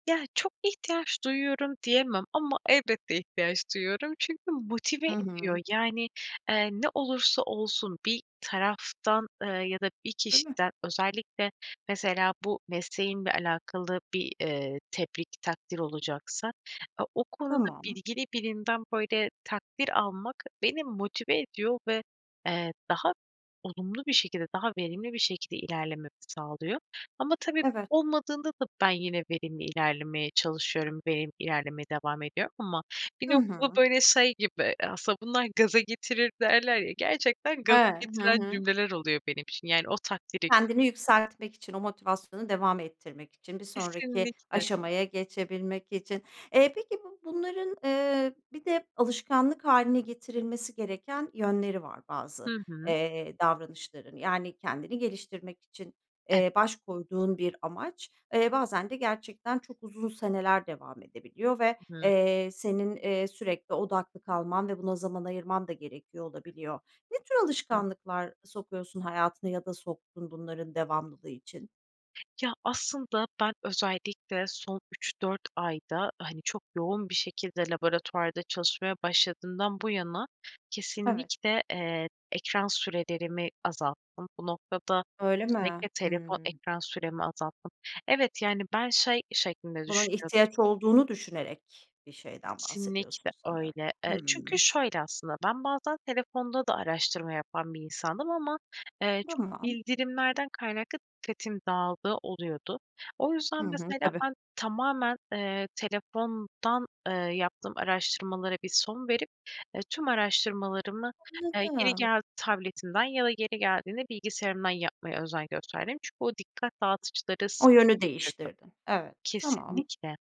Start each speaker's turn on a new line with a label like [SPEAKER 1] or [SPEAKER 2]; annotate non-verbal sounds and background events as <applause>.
[SPEAKER 1] Ya çok ihtiyaç duyuyorum diyemem ama elbette ihtiyaç duyuyorum. Çünkü motive
[SPEAKER 2] Hı
[SPEAKER 1] ediyor
[SPEAKER 2] hı.
[SPEAKER 1] yani, eee, ne olursa olsun bir taraftan, ııı, ya da bir
[SPEAKER 2] Değil mi?
[SPEAKER 1] kişiden özellikle mesela bu mesleğimle alakalı bir, eee, tebrik, takdir olacaksa o konuda
[SPEAKER 2] Tamam.
[SPEAKER 1] bilgili birinden böyle takdir almak beni motive ediyor ve, eee, daha olumlu bir şekilde daha verimli bir şekilde ilerlememi sağlıyor. Ama tabii
[SPEAKER 2] Evet.
[SPEAKER 1] olmadığında da ben yine verimli ilerlemeye çalışıyorum, verimli ilerlemeye devam ediyorum ama bir
[SPEAKER 2] Hı
[SPEAKER 1] noktada
[SPEAKER 2] hı.
[SPEAKER 1] böyle şey gibi aslında bunlar gaza getirir derler ya gerçekten gaza
[SPEAKER 2] Eee Hı
[SPEAKER 1] getiren
[SPEAKER 2] hı.
[SPEAKER 1] cümleler oluyor benim için yani o takdire.
[SPEAKER 2] Kendini yükseltmek için, o motivasyonu devam ettirmek için, bir sonraki
[SPEAKER 1] Kesinlikle.
[SPEAKER 2] aşamaya geçebilmek için. Eee, peki bu bunların, ııı, bir de alışkanlık hâline getirilmesi gereken yönleri var, bazı,
[SPEAKER 1] Hı hı.
[SPEAKER 2] eee, davranışların. Yani, kendini geliştirmek için,
[SPEAKER 1] E
[SPEAKER 2] eee, baş koyduğun bir amaç; eee, bazen de gerçekten çok uzun seneler devam edebiliyor ve,
[SPEAKER 1] Hı hı.
[SPEAKER 2] eee, senin, eee, sürekli odaklı kalman ve buna zaman ayırman da gerekiyor olabiliyor. Ne tür
[SPEAKER 1] Hı.
[SPEAKER 2] alışkanlıklar sokuyorsun hayatına, ya da soktun bunların devamlılığı için?
[SPEAKER 1] Ya, aslında ben özellikle, son 3-4 ayda hani, çok yoğun bir şekilde laboratuvarda çalışmaya başladığımdan bu yana;
[SPEAKER 2] Evet.
[SPEAKER 1] kesinlikle, eee, ekran sürelerimi azalttım. Bu noktada,
[SPEAKER 2] Öyle mi?
[SPEAKER 1] özellikle, telefon
[SPEAKER 2] Hıı.
[SPEAKER 1] ekran süremi azalttım. Evet, yani, ben şey şeklinde
[SPEAKER 2] Bunun
[SPEAKER 1] düşünüyordum.
[SPEAKER 2] ihtiyaç olduğunu düşünerek, bir şeyden
[SPEAKER 1] Kesinlikle,
[SPEAKER 2] bahsediyorsun, sanıyorum.
[SPEAKER 1] öyle. Eee, çünkü
[SPEAKER 2] Hıı.
[SPEAKER 1] şöyle aslında. Ben bazen telefonda da araştırma yapan bir insandım. Ama, eee, çok
[SPEAKER 2] Tamam.
[SPEAKER 1] bildirimlerden kaynaklı, dikkatim dağıldığı oluyordu. O yüzden
[SPEAKER 2] Hı hı,
[SPEAKER 1] mesela,
[SPEAKER 2] tabii.
[SPEAKER 1] ben tamamen, eee, telefondan, eee, yaptığım araştırmalara bir son verip, ııı, tüm araştırmalarımı, eee, yeri
[SPEAKER 2] Anladım.
[SPEAKER 1] geldi tabletimden, ya da yeri geldiğinde bilgisayarımdan, yapmaya özen gösterdim. Çünkü o dikkat dağıtıcıları.
[SPEAKER 2] O yönü
[SPEAKER 1] <unintelligible>
[SPEAKER 2] değiştirdin. Evet, tamam.
[SPEAKER 1] Kesinlikle.